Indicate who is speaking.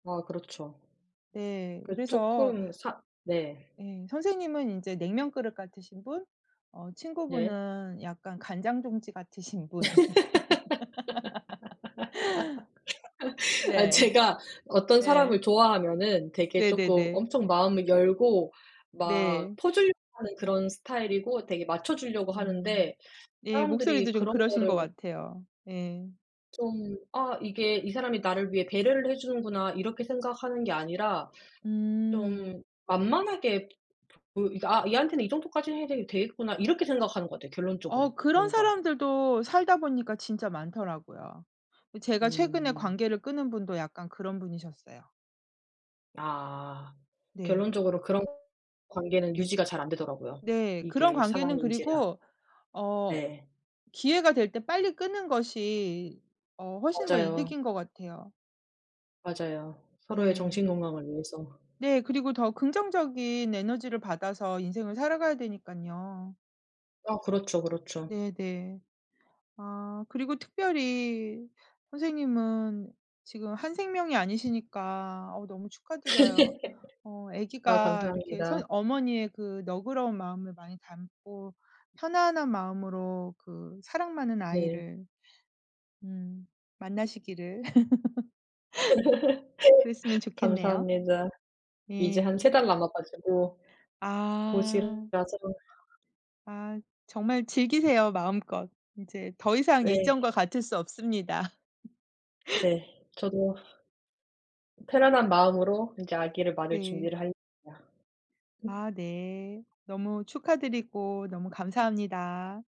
Speaker 1: 아. 그렇죠.
Speaker 2: 네.
Speaker 1: 그
Speaker 2: 그래서
Speaker 1: 쪼끔 사 네.
Speaker 2: 예 선생님은 인제 냉면 그릇 같으신 분 어
Speaker 1: 네.
Speaker 2: 친구분은 약간 간장 종지 같으신 분.
Speaker 1: 아
Speaker 2: 네.
Speaker 1: 제가 어떤 사람을
Speaker 2: 예.
Speaker 1: 좋아하면은 되게 쪼끔
Speaker 2: 네네네.
Speaker 1: 엄청 마음을 열고 막
Speaker 2: 네.
Speaker 1: 퍼주려고 하는 그런 스타일이고 되게 맞춰 주려고
Speaker 2: 음.
Speaker 1: 하는데
Speaker 2: 예
Speaker 1: 사람들이
Speaker 2: 목소리도 좀
Speaker 1: 그런
Speaker 2: 그러신 것
Speaker 1: 거를
Speaker 2: 같아요. 예.
Speaker 1: 좀 아 이게 '이 사람이 나를 위해 배려를 해 주는구나.' 이렇게 생각하는 게 아니라
Speaker 2: 음.
Speaker 1: 좀 만만하게 그 이 '아 얘한테는 이 정도까지는 해되 되겠구나.' 이렇게 생각하는 것 같아요 결론적으로
Speaker 2: 어 그런
Speaker 1: 뭔가.
Speaker 2: 사람들도 살다 보니까 진짜 많더라고요. 어 제가 최근에
Speaker 1: 음.
Speaker 2: 관계를 끊은 분도 약간 그런 분이셨어요.
Speaker 1: 아.
Speaker 2: 네.
Speaker 1: 결론적으로 그런 관계는 유지가 잘 안되더라고요.
Speaker 2: 네. 그런
Speaker 1: 이게
Speaker 2: 관계는
Speaker 1: 사람인지라.
Speaker 2: 그리고 어
Speaker 1: 네.
Speaker 2: 기회가 될 때 빨리 끊는 것이 어 훨씬 더
Speaker 1: 맞아요.
Speaker 2: 이득인 것 같아요.
Speaker 1: 맞아요. 서로의
Speaker 2: 네.
Speaker 1: 정신 건강을 위해서.
Speaker 2: 네 그리고 더 긍정적인 에너지를 받아서 인생을 살아가야 되니깐요.
Speaker 1: 아 그렇죠, 그렇죠.
Speaker 2: 네네. 아 그리고 특별히 선생님은 지금 한 생명이 아니시니까 아우 너무 축하드려요. 어
Speaker 1: 아
Speaker 2: 아기가 이렇게 선
Speaker 1: 감사합니다.
Speaker 2: 어머니의 그 너그러운 마음을 많이 담고 편안한 마음으로 그 사랑 많은
Speaker 1: 네.
Speaker 2: 아이를 음 만나시기를. 그랬으면 좋겠네요.
Speaker 1: 감사합니다. 이제 한
Speaker 2: 예.
Speaker 1: 3 달 남아 가지고
Speaker 2: 아.
Speaker 1: [unintelligible] 해야죠.
Speaker 2: 아. 정말 즐기세요 마음껏. 이제 더 이상
Speaker 1: 네.
Speaker 2: 예전과 같을 수 없습니다.
Speaker 1: 네. 저도 편안한 마음으로 이제 아기를 맞을
Speaker 2: 네.
Speaker 1: 준비를 할렵니다.
Speaker 2: 아 네. 너무 축하드리고 너무 감사합니다.